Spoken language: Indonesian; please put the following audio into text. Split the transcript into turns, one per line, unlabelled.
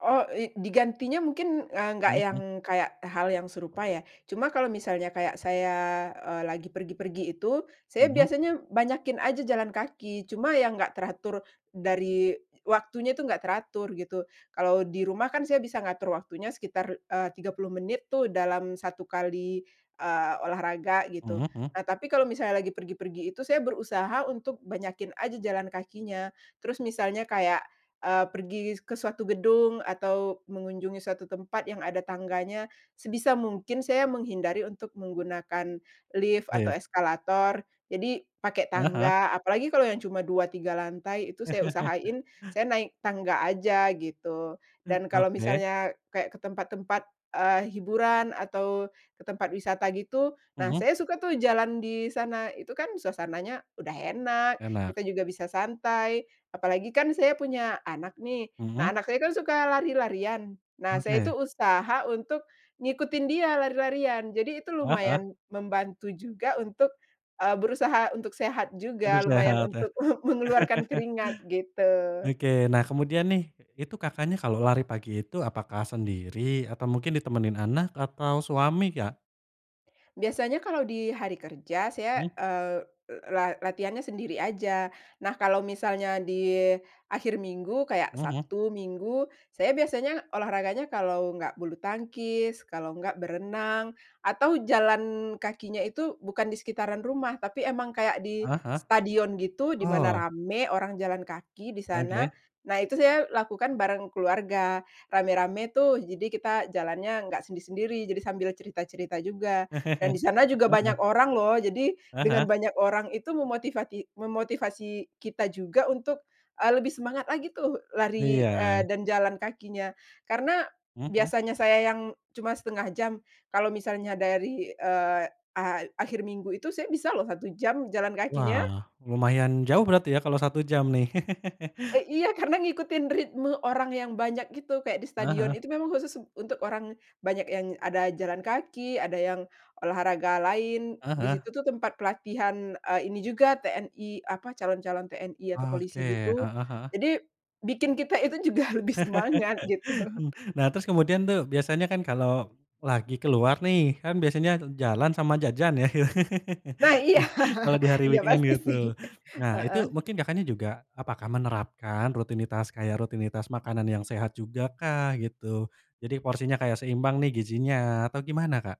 Oh, i digantinya mungkin, eee, nggak
Hmm
yang
hmm.
kayak hal yang serupa, ya. Cuma kalau misalnya kayak saya, eee, lagi pergi-pergi itu, saya
Mhm.
biasanya banyakin aja jalan kaki. Cuma yang nggak teratur dari waktunya itu nggak teratur, begitu. Kalau di rumah kan saya bisa ngatur waktunya sekitar, eee, 30 menit tuh, dalam 1 kali, eee, olahraga gitu.
Mhm mhm.
Nah, tapi kalau misalnya lagi pergi-pergi itu, saya berusaha untuk banyakin aja jalan kakinya. Terus misalnya kayak, eee, pergi ke suatu gedung atau mengunjungi suatu tempat yang ada tangganya, sebisa mungkin saya menghindari untuk menggunakan lift, atau
Lift.
eskalator. Jadi pakai
Heeh heeh.
tangga. Apalagi kalau yang cuma 2, 3 lantai, itu saya usahain, saya naik tangga aja, gitu.
Hmm,
Dan kalau
oke.
misalnya kayak ke tempat-tempat, eee, hiburan, atau ke tempat wisata gitu. Nah,
Mhm.
saya suka tuh jalan di sana. Itu kan, suasananya udah enak,
Enak.
kita juga bisa santai. Apalagi kan, saya punya anak nih. Nah,
Mhm.
anak saya kan, suka lari-larian. Nah, saya itu
Oke.
usaha untuk ngikutin dia lari-larian. Jadi, itu
Heeh heeh.
lumayan membantu juga untuk, eee, berusaha untuk sehat
Aduh,
juga. Lumayan
sehat ya?
untuk me mengeluarkan keringat, gitu.
Oke, nah, kemudian nih, itu, Kakaknya, kalau lari pagi itu, apakah sendiri? Atau mungkin ditemenin anak, atau suami, Kak?
Biasanya kalau di hari kerja, saya,
Mmm.
eee, la latihannya sendiri aja. Nah, kalau misalnya di akhir minggu, kayak
Mhm mhm.
Sabtu Minggu. Saya biasanya olahraganya kalau enggak bulutangkis, kalo enggak berenang, atau jalan kakinya itu, bukan di sekitaran rumah, tapi emang kayak di
Heeh heeh.
stadion gitu, di mana
Oh.
rame, orang jalan kaki di sana.
Oke.
Nah, itu saya lakukan bareng keluarga. Rame-rame tuh, jadi kita jalannya nggak sendiri-sendiri. Jadi sambil cerita-cerita juga dan
Heeh
di sana juga banyak
heeh.
orang loh! Jadi,
Heeh
dengan
heeh.
banyak orang itu, memotivati memotivasi kita juga untuk, eee, lebih semangat lagi tuh, lari, eee,
Iya.
dan jalan kakinya. Karena,
Mhm mhm.
biasanya saya yang cuma 1/2 jam. Kalau misalnya dari, eee, a akhir minggu itu, saya bisa loh 1 jam, jalan kakinya.
Wah, lumayan jauh berarti ya kalau 1 jam nih.
Eh, iya. Karena ngikutin ritme orang yang banyak, gitu. Kayak di
Heeh
stadion
heeh.
itu memang khusus untuk orang, banyak yang ada jalan kaki, ada yang olahraga lain.
Heeh
Di
heeh.
situ tuh tempat pelatihan, eee, ini juga TNI apa calon-calon TNI atau polisi
Oke,
gitu.
heeh heeh.
Jadi, bikin kita itu juga lebih semangat, gitu.
Hmm, nah, terus kemudian tuh, biasanya kan kalau lagi keluar nih, kan biasanya jalan sama jajan, ya?
Nah, iya.
Kalau di hari
Iya
weekend,
pasti, sih.
gitu. Nah, itu
Heeh.
mungkin, Kakaknya, juga apakah menerapkan rutinitas kayak rutinitas makanan yang sehat juga kah? Gitu. Jadi porsinya kayak seimbang nih gizinya, atau gimana, Kak?